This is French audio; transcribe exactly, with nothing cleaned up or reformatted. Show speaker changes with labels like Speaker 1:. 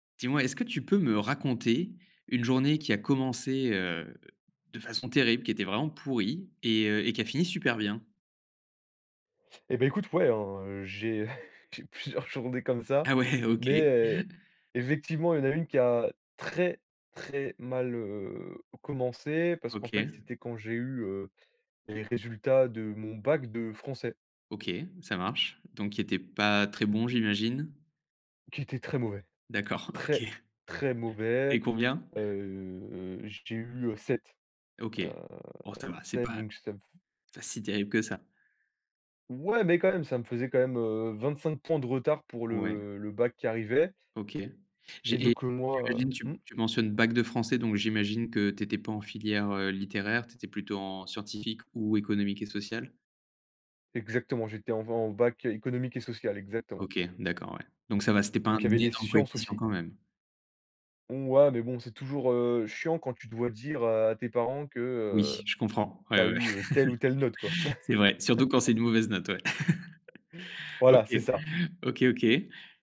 Speaker 1: Dis moi, est-ce que tu peux me raconter une journée qui a commencé, heu, de façon terrible, qui était vraiment pourrie et heu, et qui a fini super bien?
Speaker 2: Et beh, écoute, ouais, hein, j'ai j'ai plusieurs journées comme ça,
Speaker 1: Ah ouais, OK.
Speaker 2: mais heu, effectivement, il y a une qui a très, très mal, heu, commencé, parce qu'en fait,
Speaker 1: OK.
Speaker 2: c'était quand j'ai eu, heu, les résultats de mon bac de français
Speaker 1: OK, ça marche donc qui était pas très bon j'imagine?
Speaker 2: qui était très mauvais,
Speaker 1: D'accord OK.
Speaker 2: très,
Speaker 1: Tu
Speaker 2: très
Speaker 1: as
Speaker 2: mauvais,
Speaker 1: eu combien?
Speaker 2: heu, j'ai eu, heu, sept,
Speaker 1: OK,
Speaker 2: heu
Speaker 1: bon, ça va, c'est
Speaker 2: sept,
Speaker 1: pas
Speaker 2: donc ça me f
Speaker 1: pas si terrible que ça.
Speaker 2: Ouais, mais quand même, ça me faisait quand même, heu, vingt-cinq points de retard pour
Speaker 1: Ouais.
Speaker 2: le le bac qui arrivait.
Speaker 1: OK
Speaker 2: Et
Speaker 1: j'ai et
Speaker 2: donc, heu,
Speaker 1: j'imagine
Speaker 2: moi
Speaker 1: tu
Speaker 2: mmh?
Speaker 1: tu mentionnes: «Bac de français» donc j'imagine que tu étais pas en filière, heu, littéraire, tu étais plutôt en scientifique ou économique et social?
Speaker 2: exactement, j'étais en v en bac économique et social, exactement.
Speaker 1: OK, d'accord, ouais. Donc ça va, c'était pas un
Speaker 2: Donc il y avait les
Speaker 1: énorme
Speaker 2: sciences
Speaker 1: coefficient,
Speaker 2: aussi.
Speaker 1: quand même.
Speaker 2: Ouais, mais bon, c'est toujours, heu, chiant quand tu dois dire, heu, à tes parents que,
Speaker 1: Oui,
Speaker 2: heu,
Speaker 1: je comprends,
Speaker 2: tu
Speaker 1: ouais,
Speaker 2: as
Speaker 1: ouais.
Speaker 2: eu telle ou telle note, quoi.
Speaker 1: C'est vrai surtout quand c'est une mauvaise note, ouais.
Speaker 2: Voilà, c'est
Speaker 1: OK,
Speaker 2: ça.
Speaker 1: OK, OK.